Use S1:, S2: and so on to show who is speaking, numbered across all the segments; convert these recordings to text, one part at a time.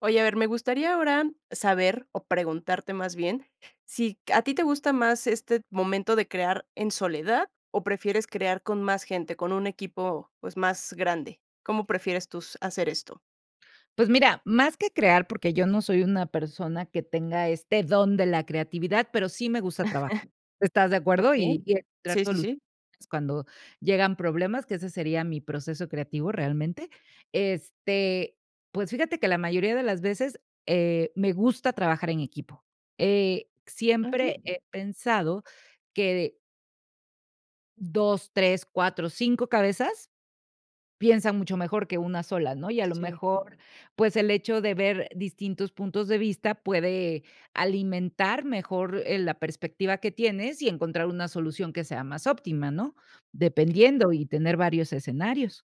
S1: Oye, a ver, me gustaría, ahora, saber o preguntarte, más bien, si a ti te gusta más este momento de crear en soledad, o prefieres crear con más gente, con un equipo, pues, más grande, ¿cómo prefieres tú s hacer esto?
S2: Pues, mira, más que crear, porque yo no soy una persona, que tenga este don de la creatividad, pero, sí me gusta trabajar, ¿estás de acuerdo?
S1: Okey.
S2: Y y encontrar
S1: Sí, sí,
S2: [unintelligible]
S1: sí.
S2: cuando llegan problemas, que ese sería mi proceso creativo, realmente, este, pues, fíjate que la mayoría de las veces, eh, me gusta trabajar en equipo, eh,
S1: Okey.
S2: siempre he pensado que 2, 3, 4, 5 cabezas, piensan mucho mejor que una sola, ¿no? Y, a lo
S1: Sí.
S2: mejor, pues, el hecho de ver distintos puntos de vista puede alimentar mejor, eh, la perspectiva que tienes, y encontrar una solución que sea más óptima, ¿no?, dependiendo y tener varios escenarios.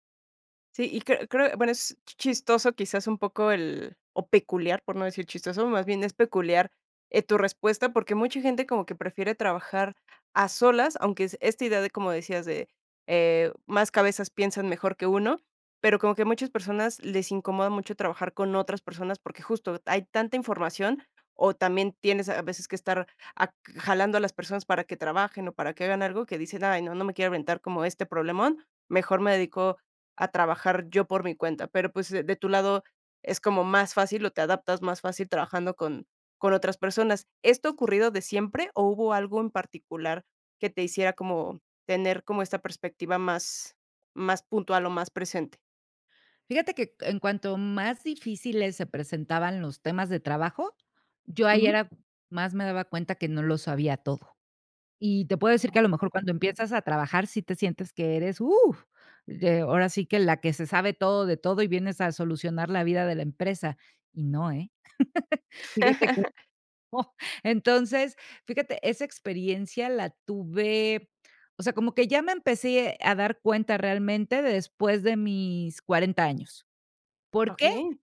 S1: Sí, y creo creo, bueno, es chistoso, quizás un poco el o peculiar, por no decir chistoso, más bien, es peculiar, eh, tu respuesta, porque, mucha gente como que prefiere trabajar a solas, aunque es esta idea de, como decías, de, eh, más cabezas piensan mejor que uno, pero, como que muchas personas les incomoda mucho trabajar con otras personas, porque, justo, hay tanta información, o también tienes, a veces, que estar ac jalando a las personas para que trabajen, o para que hagan algo, que dicen, ay, no no me quiero aventar como este problemón, mejor me dedico a trabajar yo por mi cuenta. Pero, pues, de de tu lado es como más fácil, o te adaptas más fácil trabajando con con otras personas, ¿esto ha ocurrido de siempre, o hubo algo en particular que te hiciera como tener como esta perspectiva más más puntual, o más presente?
S2: Fíjate que, en cuanto más difíciles se presentaban los temas de trabajo, yo ahí
S1: Ujú.
S2: era más me daba cuenta que no lo sabía todo. Y te puedo decir que, a lo mejor,
S1: Okey.
S2: cuando empiezas a trabajar, sí te sientes que eres, uh, eh, ahora sí que la que se sabe todo de todo y vienes a solucionar la vida de la empresa, y no, eh, fíjate que no. Entonces, fíjate, esa experiencia la tuve, o sea, como que ya me empecé a dar cuenta realmente después de mis 40 años, ¿por qué? [unintelligible]
S1: Okey.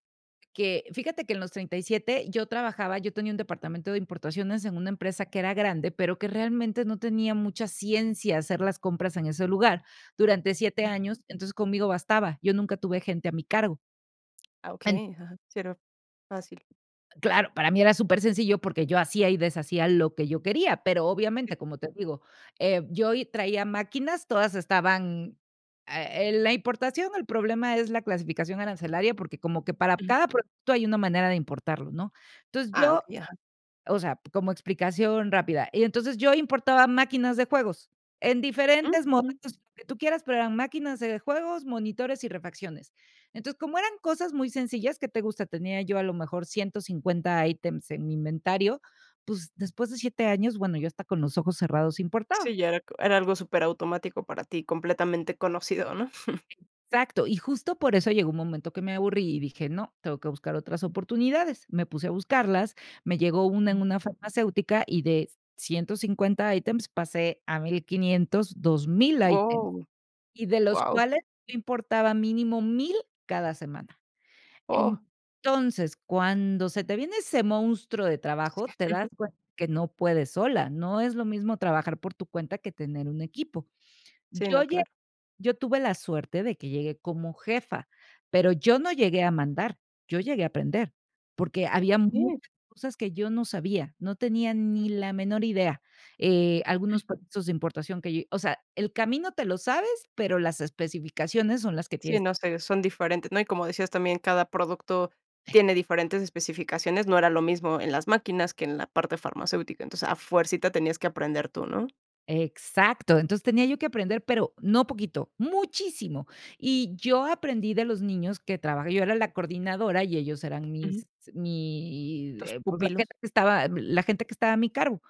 S2: Que fíjate que en los 37 yo trabajaba, yo tenía un departamento de importaciones en una empresa que era grande, pero que realmente no tenía mucha ciencia hacer las compras en ese lugar durante 7
S1: Ujú.
S2: años, entonces, conmigo bastaba, yo nunca tuve gente a mi cargo.
S1: Ah,
S2: En
S1: okey, ajá, sí, era fácil.
S2: Claro, para mí era súper sencillo, porque yo hacía y deshacía lo que yo quería, pero,
S1: Sí.
S2: obviamente, como te digo, eh, yo y traía máquinas, todas estaban eh, la importación, el problema es la clasificación arancelaria, porque como que para
S1: Ujú.
S2: cada producto hay una manera de importarlo, ¿no? Entonces,
S1: Ah,
S2: yo
S1: okey, ajá.
S2: o sea, como explicación rápida, y entonces, yo importaba máquinas de juegos, en
S1: Mm,
S2: diferentes
S1: ujú.
S2: modelos, lo que tú quieras, pero eran máquinas de juegos, monitores y refacciones. Entonces, como eran cosas muy sencillas, ¿qué te gusta?, tenía yo, a lo mejor, 150 ítems en mi inventario, pues después de 7 años, bueno, yo hasta con los ojos cerrados importaba.
S1: Sí, ya era era algo superautomático para ti, completamente conocido, ¿no?
S2: Exacto, y justo, por eso llegó un momento que me aburrí y dije: "No, tengo que buscar otras oportunidades". Me puse a buscarlas, me llegó una en
S1: Ujú.
S2: una farmacéutica y de 150, ítems pasé a 1500, 2000 ítems,
S1: Wao,
S2: y de los
S1: wao.
S2: cuales yo importaba mínimo 1000 cada semana.
S1: Oh.
S2: Entonces, cuando se te viene ese monstruo de trabajo, te das
S1: Ujú.
S2: cuenta que no puedes sola, no es lo mismo trabajar por tu cuenta que tener un equipo.
S1: Sí,
S2: Yo
S1: no,
S2: lle
S1: claro.
S2: yo tuve la suerte de que llegué como jefa, pero yo no llegué a mandar, yo llegué a aprender, porque había muchas
S1: Okey.
S2: cosas que yo no sabía, no tenía ni la menor idea, eh,
S1: Mm.
S2: algunos procesos de importación que yo, o sea, el camino te lo sabes, pero las especificaciones son las que
S1: Sí,
S2: tienes
S1: no sé, son diferentes, ¿no? Y como decías también, cada producto
S2: Eh.
S1: tiene diferentes especificaciones, no era lo mismo en las máquinas que en la parte farmacéutica, entonces a fuercita tenías que aprender tú, ¿no?
S2: Exacto, entonces tenía yo que aprender, pero no poquito, muchísimo. Y yo aprendí de los niños que trabajé yo era la coordinadora y ellos eran
S1: Ujú.
S2: mis mi
S1: Tus
S2: eh, pues, la
S1: pupilos.
S2: gente que estaba la gente que estaba a mi cargo,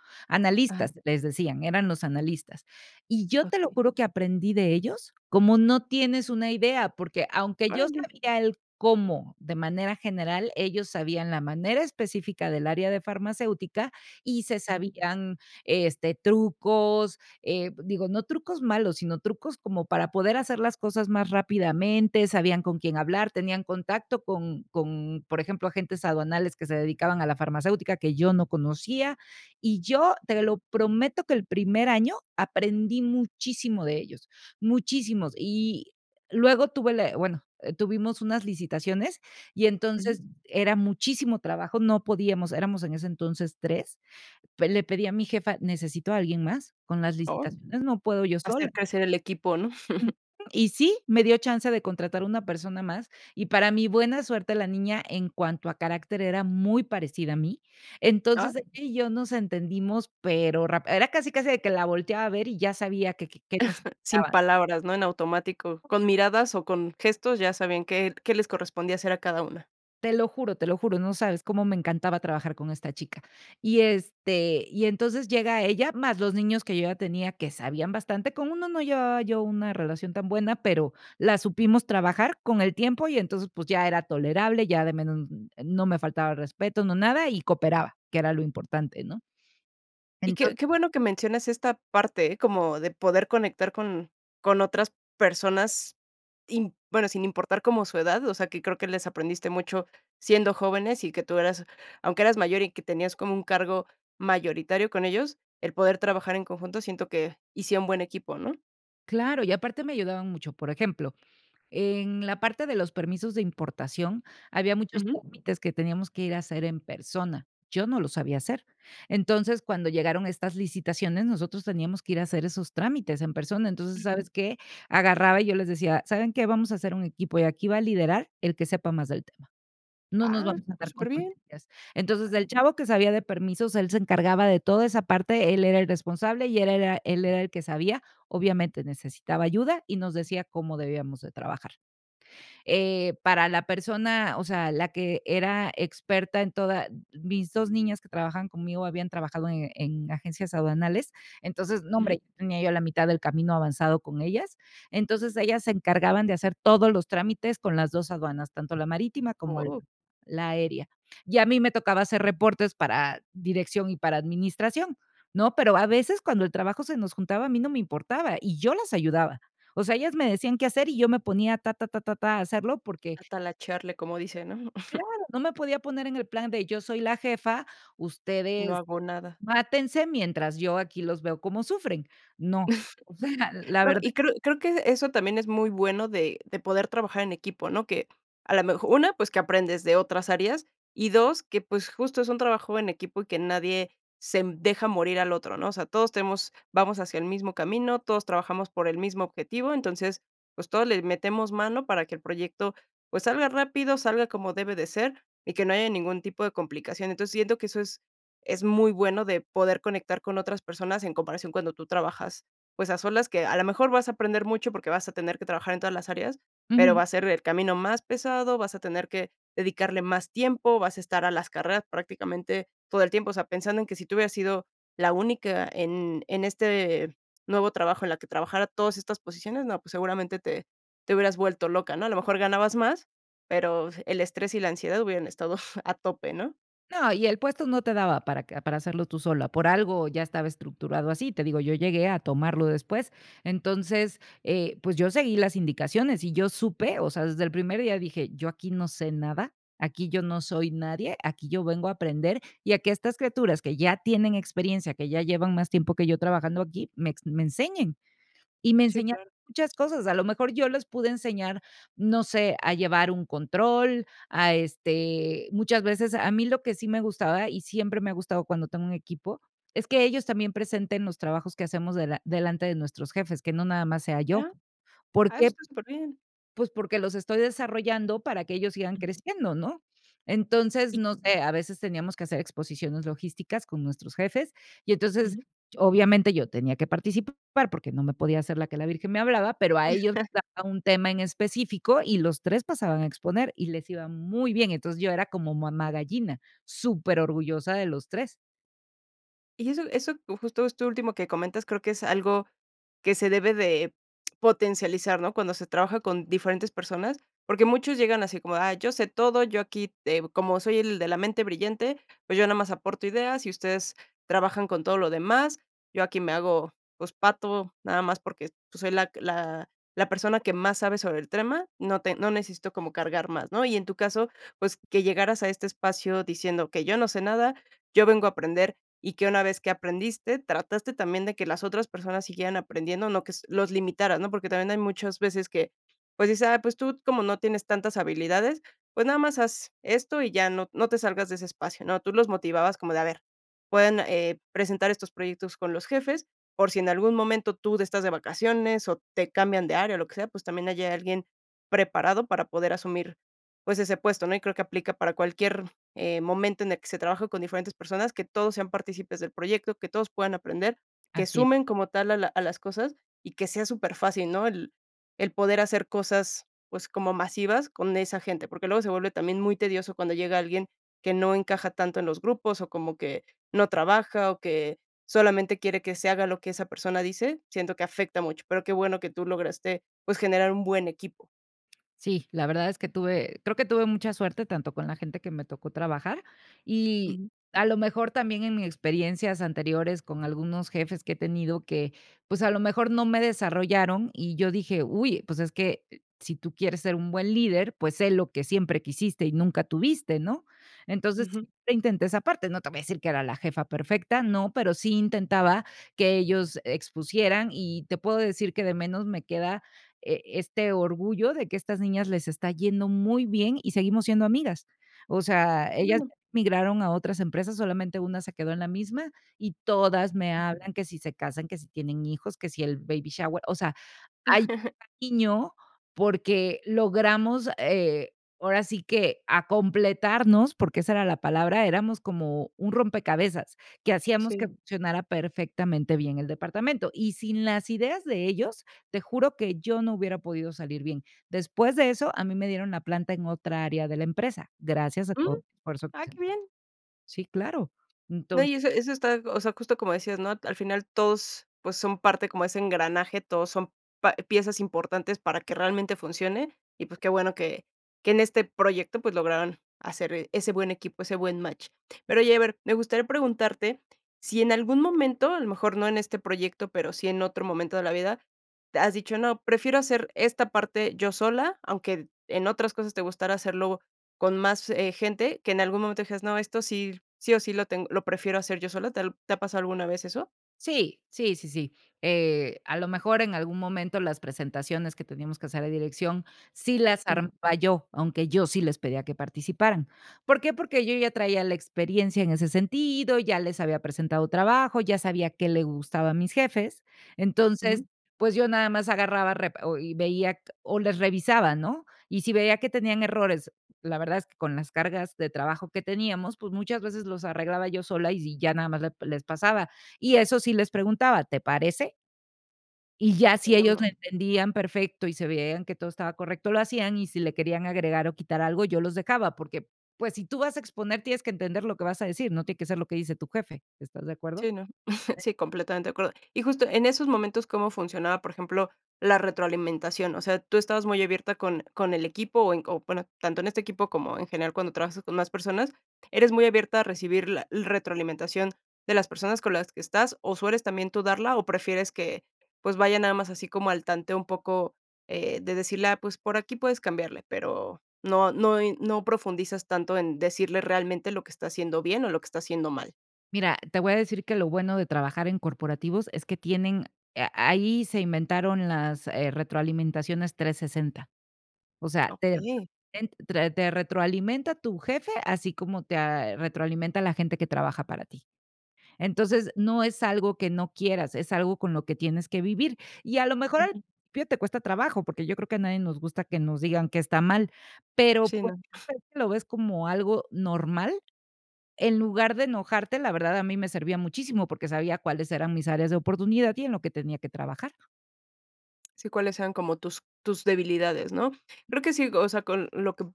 S1: Ajá.
S2: analistas les decían, eran los analistas. Y yo te lo
S1: Okey.
S2: juro que aprendí de ellos, como no tienes una idea, porque, aunque yo
S1: Órale.
S2: sabía el cómo, de manera general, ellos sabían la manera específica del área de farmacéutica, y se
S1: Ujú.
S2: sabían, este, trucos, eh, digo, no trucos malos, sino trucos como para poder hacer las cosas más rápidamente. Sabían con quién hablar, tenían contacto con con, por ejemplo, agentes aduanales que se dedicaban a la farmacéutica que yo no conocía. Y yo, te lo prometo, que el primer año aprendí muchísimo de ellos, muchísimos. Y luego tuve la bueno, tuvimos unas licitaciones y
S1: Ujú.
S2: entonces era muchísimo trabajo. No podíamos, éramos en ese entonces 3, pe le pedí a mi jefa: "Necesito a alguien más, con las
S1: Oh.
S2: licitaciones no puedo yo sola".
S1: Hacer crecer el equipo, ¿no?
S2: Ujú. Y sí, me dio chance de contratar una persona más, y para mí buena suerte la niña en cuanto a carácter era muy parecida a mí,
S1: Ah.
S2: entonces ella y yo nos entendimos, pero ráp era casi casi de que la volteaba a ver y ya sabía qué qué qué
S1: Sin
S2: necesitaba.
S1: palabras, ¿no?, en automático, con miradas o con gestos ya sabían que que les correspondía hacer a cada una.
S2: Te lo juro, te lo juro, no sabes cómo me encantaba trabajar con esta chica. Y, este, y entonces llega ella, más los niños que yo ya tenía, que sabían bastante. Con uno no llevaba yo una relación tan buena, pero la supimos trabajar con el tiempo y entonces, pues, ya era tolerable, ya de menos no me faltaba respeto, no nada, y cooperaba, que era lo importante, ¿no?
S1: Y qué
S2: Ento
S1: qué bueno que menciones esta parte, como de poder conectar con con otras personas, im bueno, sin importar como su edad, o sea, que creo que les aprendiste mucho, siendo jóvenes y que tú eras, aunque eras mayor y que tenías como un cargo mayoritario con ellos, el poder trabajar en conjunto siento que hicieron buen equipo, ¿no?
S2: Claro, y aparte me ayudaban mucho. Por ejemplo, en la parte de los permisos de importación, había muchos
S1: Ujú.
S2: trámites que teníamos que ir a hacer en persona, yo no lo sabía hacer, entonces, cuando llegaron estas licitaciones, nosotros teníamos que ir a hacer esos trámites en persona, entonces,
S1: Mm.
S2: ¿sabes qué? Agarraba y yo les decía: "¿Saben qué? Vamos a hacer un equipo y aquí va a liderar el que sepa más del tema, no nos
S1: Ah,
S2: vamos a
S1: está
S2: andar con
S1: súper bien.
S2: tonterías". Entonces,
S1: Ajá.
S2: el chavo que sabía de permisos, él se encargaba de toda esa parte, él era el responsable, y él era él era el que sabía, obviamente necesitaba ayuda y nos decía cómo debíamos de trabajar. Eh, para la persona, o sea, la que era experta en toda mis 2 niñas que trabajaban conmigo, habían trabajado en en agencias aduanales, entonces, no
S1: Ujú.
S2: hombre, tenía yo la mitad del camino avanzado con ellas, entonces, ellas se encargaban de hacer todos los trámites con las 2 aduanas, tanto la marítima como
S1: Oh.
S2: la aérea y a mí me tocaba hacer reportes para dirección y para administración, ¿no? Pero, a veces cuando el trabajo se nos juntaba, a mí no me importaba y yo las ayudaba, o sea, ellas me decían qué hacer y yo me ponía ta ta ta ta ta, a hacerlo porque
S1: A talachearle, como dicen, ¿no?
S2: Claro, no me podía poner en el plan de: "Yo soy la jefa,
S1: No
S2: ustedes
S1: hago nada.
S2: mátense mientras yo aquí los veo como sufren", no, o sea, la
S1: No,
S2: verdad.
S1: y creo creo que eso también es muy bueno de de poder trabajar en equipo, ¿no? Que a la mej 1, pues, que aprendes de otras áreas y 2, que, pues, justo es un trabajo en equipo y que nadie se deja morir al otro, ¿no? O sea, todos tenemos, vamos hacia el mismo camino, todos trabajamos por el mismo objetivo, entonces, pues, todos les metemos mano para que el proyecto, pues salga rápido, salga como debe de ser y que no haya ningún tipo de complicación. Entonces, siento que eso es es muy bueno de poder conectar con otras personas en comparación cuando tú trabajas, pues, a solas que, a lo mejor, vas a aprender mucho, porque vas a tener que trabajar en todas las áreas, pero
S2: Ujú.
S1: va a ser el camino más pesado. Vas a tener que dedicarle más tiempo, vas a estar a las carreras prácticamente todo el tiempo, o sea, pensando en que si tú hubieras sido la única en en este nuevo trabajo, en la que trabajara todas estas posiciones, no, pues, seguramente te te hubieras vuelto loca, ¿no? A lo mejor ganabas más, pero el estrés y la ansiedad hubieran estado a tope, ¿no?
S2: No, y el puesto no te daba para que para hacerlo tú sola, por algo ya estaba estructurado así. Te digo, yo llegué a tomarlo después, entonces, eh, pues, yo seguí las indicaciones y yo supe, o sea, desde el primer día dije, yo aquí no sé nada, aquí yo no soy nadie, aquí yo vengo a aprender, y a que estas criaturas que ya tienen experiencia, que ya llevan más tiempo que yo trabajando aquí, me ex me enseñen, y me
S1: Sí,
S2: enseñaron
S1: claro.
S2: muchas cosas. A lo mejor yo les pude enseñar, no sé, a llevar un control, a este, muchas veces, a mí lo que sí me gustaba, y siempre me ha gustado cuando tengo un equipo, es que ellos también presenten los trabajos que hacemos dela delante de nuestros jefes, que no nada más sea yo,
S1: Ajá.
S2: por
S1: Ay, eso
S2: qué
S1: está súper bien.
S2: pues porque, los estoy desarrollando para que ellos sigan creciendo, ¿no? Entonces,
S1: Y
S2: no sé, a veces teníamos que hacer exposiciones logísticas con nuestros jefes y, entonces,
S1: Ujú.
S2: obviamente yo tenía que participar, porque no me podía hacer la que la virgen me hablaba, pero a ellos les daba un tema en específico y los 3 pasaban a exponer y les iba muy bien. Entonces, yo era como mamá gallina, súper orgullosa de los 3.
S1: Y eso eso, justo esto último que comentas, creo que es algo que se debe de potencializar, ¿no? Cuando se trabaja con diferentes personas, porque, muchos llegan así como, ah, yo sé todo, yo aquí te como soy el de la mente brillante, pues, yo nomás aporto ideas, y ustedes trabajan con todo lo demás. Yo aquí me hago, pues pato, nada más porque, pues, soy la que la la persona que más sabe sobre el tema. No te no necesito como cargar más, ¿no? Y en tu caso, pues que llegaras a este espacio diciendo que yo no sé nada, yo vengo a aprender, y que una vez que aprendiste trataste también, de que las otras personas siguieran aprendiendo, no que s los limitaras, ¿no? Porque, también hay muchas veces que, pues, dices, ah, pues, tú como no tienes tantas habilidades, pues, nada más haz esto y ya, no no te salgas de ese espacio, ¿no? Tú los motivabas como de, a ver, pueden, eh, presentar estos proyectos con los jefes, por si en algún momento tú de estás de vacaciones, o te cambian de área o lo que sea, pues, también hay alguien preparado para poder asumir, pues ese puesto, ¿no? Y creo que aplica para cualquier, eh, momento, en el que se trabaja con diferentes personas, que todos sean partícipes del proyecto, que todos puedan aprender, que
S2: Así es.
S1: sumen como tal a la a las cosas y que sea superfacil, ¿no? El el poder hacer cosas, pues, como masivas con esa gente, porque, luego se vuelve también muy tedioso cuando llega alguien que no encaja tanto en los grupos, o como que no trabaja, o que solamente quiere que se haga lo que esa persona dice, siento que afecta mucho, pero, qué bueno que tú lograste, pues, generar un buen equipo.
S2: Sí, la verdad es que tuve, creo que tuve mucha suerte, tanto con la gente que me tocó trabajar. Y,
S1: Ujú.
S2: a lo mejor, también en experiencias anteriores con algunos jefes que he tenido que, pues, a lo mejor no me desarrollaron, y yo dije: "Uy, pues, es que si tú quieres ser un buen líder, pues, sé lo que siempre quisiste y nunca tuviste", ¿no? Entonces,
S1: Ujú.
S2: intenté esa parte, no te voy a decir que era la jefa perfecta, no, pero, sí intentaba que ellos expusieran, y te puedo decir que de menos me queda, eh, este orgullo de que estas niñas les está yendo muy bien, y seguimos siendo amigas. O
S1: Ah,
S2: sea,
S1: qué
S2: ellas
S1: bueno.
S2: migraron a otras empresas, solamente una se quedó en la misma, y todas me hablan, que si se casan, que si tienen hijos, que si el baby shower. O sea, hay cariño porque logramos, eh, ahora sí que a completarnos, porque esa era la palabra, éramos como un rompecabezas, que hacíamos que
S1: Sí.
S2: funcionara perfectamente bien el departamento. Y sin las ideas de ellos, te juro que yo no hubiera podido salir bien. Después de eso, a mí me dieron la planta en otra área de la empresa, gracias a
S1: Mm.
S2: todo el esfuerzo que
S1: Ah, qué
S2: hicimos.
S1: bien.
S2: Sí, claro,
S1: No,
S2: entonces
S1: y eso eso está, o sea, justo como decías, ¿no? Al final todos, pues, son parte como de ese engranaje, todos son pa piezas importantes para que realmente funcione, y pues, qué bueno que que en este proyecto, pues, lograran hacer, eh, ese buen equipo, ese buen match. Pero oye, haber, me gustaría preguntarte si en algún momento, a lo mejor no en este proyecto, pero, sí en otro momento de la vida, te has dicho, no, prefiero hacer esta parte yo sola, aunque, eh, en otras cosas te gustara hacerlo con más, eh, gente, que en algún momento dijeras, no, esto sí, sí o sí lo tengo, lo prefiero hacer yo sola, ¿te ha, al te ha pasado alguna vez eso?
S2: Sí, sí, sí, sí, eh, a lo mejor en algún momento las presentaciones que teníamos que hacer a dirección, sí las
S1: Ujú.
S2: armaba yo, aunque yo sí les pedía que participaran, ¿por qué? Porque, yo ya traía la experiencia en ese sentido, ya les había presentado trabajo, ya sabía qué le gustaba a mis jefes. Entonces,
S1: Ujú.
S2: pues, yo nada más agarraba, repe y, o veía q o les revisaba, ¿no? Y si veía que tenían errores, la verdad es que con las cargas de trabajo que teníamos, pues, muchas veces los arreglaba yo sola y, si, ya nada más les les pasaba, y eso sí les preguntaba, ¿te parece? Y ya si
S1: [unintelligible]
S2: ellos
S1: ¿No?
S2: le entendían perfecto y se veían que todo estaba correcto, lo hacían, y si le querían agregar o quitar algo, yo los dejaba porque, pues, si tú vas a exponer, tienes que entender lo que vas a decir, no tiene que ser lo que dice tu jefe, ¿estás de acuerdo?
S1: Sí, no. Sí, completamente de acuerdo. Y justo en esos momentos, ¿cómo funcionaba por ejemplo, la retroalimentación? O sea, tú estabas muy abierta con con el equipo, o en o bueno, tanto en este equipo como en general cuando trabajas con más personas, eres muy abierta a recibir la retroalimentación de las personas con las que estás o sueles también tú darla o prefieres que, pues vaya nada más así como al tanteo un poco eh, de decirle, ah, pues por aquí puedes cambiarle, pero no no y no profundizas tanto en decirle realmente lo que está haciendo bien, o lo que está haciendo mal.
S2: Mira, te voy a decir que lo bueno de trabajar en corporativos es que tienen a ahí se inventaron las, eh, retroalimentaciones 360. O sea, te
S1: Okey.
S2: te en te te retroalimenta tu jefe, así como te ah, retroalimenta la gente que trabaja para ti. Entonces, no es algo que no quieras, es algo con lo que tienes que vivir. Y a lo mejor al
S1: Ujú.
S2: [unintelligible] te cuesta trabajo, porque yo creo que a nadie nos gusta que nos digan qué está mal, pero
S1: Sí,
S2: [unintelligible]
S1: no.
S2: lo ves como algo normal, en lugar de enojarte. La verdad, a mí me servía muchísimo porque sabía cuáles eran mis áreas de oportunidad y en lo que tenía que trabajar.
S1: Sí, cuáles sean como tus tus debilidades, ¿no? Creo que sí, o sea, con lo que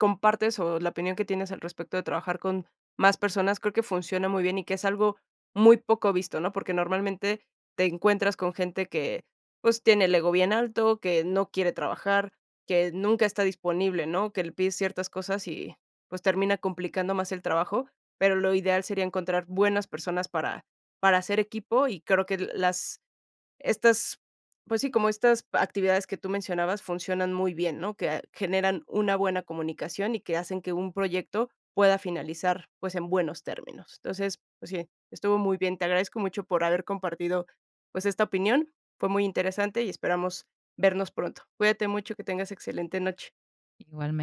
S1: compartes, o la opinión que tienes al respecto de trabajar con más personas, creo que funciona muy bien y que es algo muy poco visto, ¿no? Porque normalmente te encuentras con gente que, pues tiene el ego bien alto, que no quiere trabajar, que nunca está disponible, ¿no? Que le pides ciertas cosas y, pues, termina complicando más el trabajo, pero lo ideal sería encontrar buenas personas para para hacer equipo, y creo que l las estas pues sí, como estas actividades que tú mencionabas funcionan muy bien, ¿no? Que a generan una buena comunicación y que hacen que un proyecto pueda finalizar, pues, en buenos términos. Entonces, pues sí, estuvo muy bien. Te agradezco mucho por haber compartido, pues, esta opinión. Fue muy interesante, y esperamos vernos pronto. Cuídate mucho, que tengas excelente noche.
S2: Igualmen